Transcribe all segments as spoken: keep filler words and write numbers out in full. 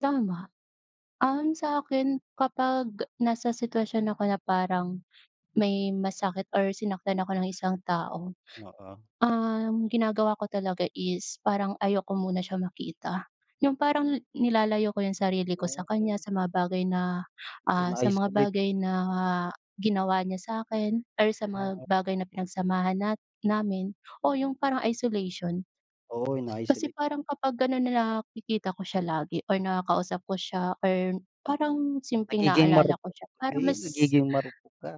Tama. Um, sa akin kapag nasa sitwasyon ako na parang may masakit or sinaktan ako ng isang tao, Oo. um, ginagawa ko talaga is parang ayoko muna siyang makita. Yung parang nilalayo ko yung sarili ko sa kanya, Ah. sa mga bagay na, ah, sa Pinaayos mga ulit. bagay na ginawa niya sa'kin or sa mga [unintelligible] bagay na pinagsamahan na namin o yung parang isolation. Oo, inaayos Kasi ulit. parang kapag gano'n na nakikita ko siya lagi or nakakausap ko siya or parang simpleng Nagiging naalala ko marupok siya ka parang ay mas nagiging marupok ka.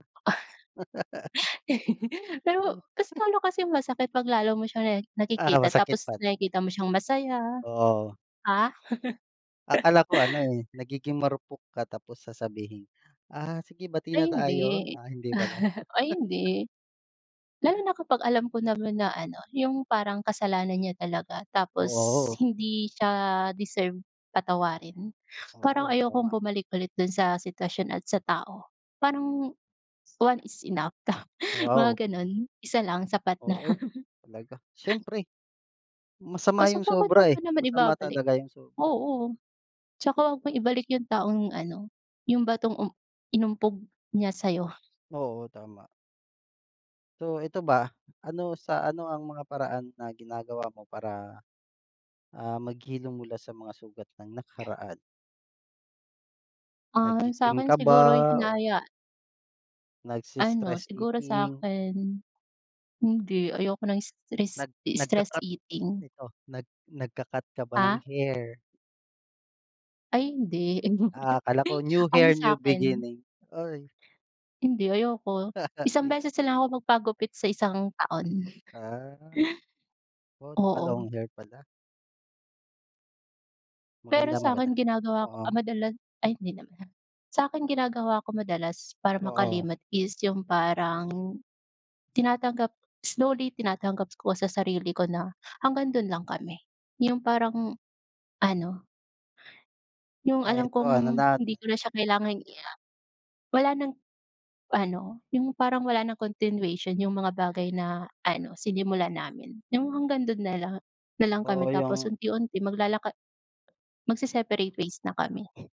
Pero mas lalo kasing masakit 'pag lalo mo siyang na Ah, nakikita masakit tapos pala. nakikita mo siyang masaya. Oo. Ah? Akala ko ano, eh, nagiging marupok ka tapos sasabihing, "Ah, sige, bati Ay na hindi. tayo." Ah, hindi pala. Ay hindi. Lalo na kapag alam ko naman na ano, yung parang kasalanan niya talaga tapos Oo. hindi siya deserve patawarin. Parang Oo, tama. ayokong bumalik ulit dun sa sitwasyon at sa tao. Parang one is enough, mga Wow. gano'n. Isa lang sapat na. Oo, talaga, syempre. Masama Kaso yung bakit mo sobra, pa eh. naman Masama ibabalik talaga yung sobra. oo. Tsaka wag mong ibalik yung taong ano, yung batong, um, inumpog niya sa'yo. Oo, tama. So, ito ba, ano sa ano ang mga paraan na ginagawa mo para, ah, maghilom mula sa mga sugat ng nakaraan? Ah, Naggi-gym sa'kin ka ba siguro'y o hinaya Ano, nagses-stress siguro eating sa'kin, hindi. Ayoko ng stress nag nag stress nagka-cut. eating. Ito, nag nagka-cut ka ba ng Ah? hair? Ay hindi. Ah, akala ko, new Ano hair, new sa'kin beginning, uy. Hindi, ayoko. Isang Di ba? beses na lang ako magpagupit sa isang taon. Ah. Oh, Oo. naka-long hair pala. Pero Maganda, maganda. sa'kin ginagawa ko, ah, Oo. madalas ay hindi naman. Sa'kin ginagawa ko madalas para Oo. makalimot is yung parang tinatanggap slowly tinatanggap ko sa sarili ko na hanggang dun lang kami. Yung parang ano yung Ay alam 'eto ano kong na hindi ko na siya kailangang i ah, wala ng, ano yung parang wala ng continuation yung mga bagay na ano, sinimulan namin. Yung hanggang dun nala na lang na lang kami Oo, tapos yung unti-unti maglalaka magse-separate ways na kami.